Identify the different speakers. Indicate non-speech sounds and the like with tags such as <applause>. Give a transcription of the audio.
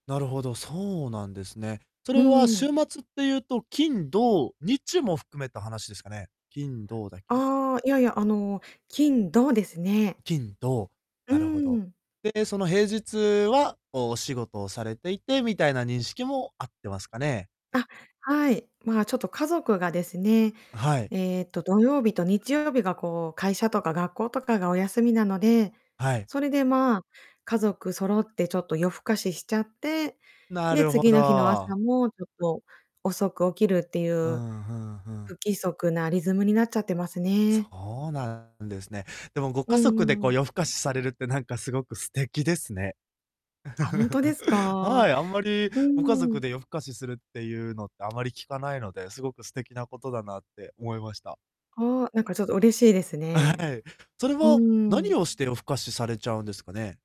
Speaker 1: なるほど、そうなんですね。そ
Speaker 2: う
Speaker 1: れは
Speaker 2: ーん。
Speaker 1: 週末ってゆうと、金、土、日も含めた話ですかね？金、土だけ。
Speaker 2: ああ、いやいや、あの、金、土ですね。
Speaker 1: 金、土、
Speaker 2: う
Speaker 1: なるほ
Speaker 2: ー
Speaker 1: ど。
Speaker 2: ん。
Speaker 1: で、その平日は、こう、お仕事をされていて、みたいな認識もあってますかね？
Speaker 2: あ、はい。まあ、ちょっと、家族がですね、
Speaker 1: はい。
Speaker 2: えっと、土曜日と日曜日が、こう、会社とか学校とかがお休みなので、
Speaker 1: はい。
Speaker 2: それで、まあ、家族そろってちょっと夜更かししちゃって、
Speaker 1: な
Speaker 2: で、
Speaker 1: るほ
Speaker 2: 次の日の朝
Speaker 1: ど。
Speaker 2: もちょっと遅く起きるってゆ
Speaker 1: う
Speaker 2: う、
Speaker 1: ん、ふんふん。
Speaker 2: 不規則なリズムになっちゃってますね。
Speaker 1: そうなんですね。でも、ご
Speaker 2: う
Speaker 1: 家
Speaker 2: ん、
Speaker 1: 族で、
Speaker 2: うー
Speaker 1: こう、
Speaker 2: ん。
Speaker 1: 夜更かしされるってなんかすごく素敵ですね。
Speaker 2: あ、ほんとです
Speaker 1: <chuckles>
Speaker 2: か？
Speaker 1: はい、あんまり
Speaker 2: う
Speaker 1: ご
Speaker 2: ん
Speaker 1: 家
Speaker 2: う
Speaker 1: 族
Speaker 2: ん。
Speaker 1: で夜更かしするってゆうのって、あまり聞かないので、すごく素敵なことだなって思いました。
Speaker 2: ああ、なんかちょっと嬉しいです
Speaker 1: あ、
Speaker 2: ね。
Speaker 1: はい。それ
Speaker 2: う
Speaker 1: は、
Speaker 2: ー
Speaker 1: 何
Speaker 2: ん。
Speaker 1: をして夜更かしされちゃうんですかね？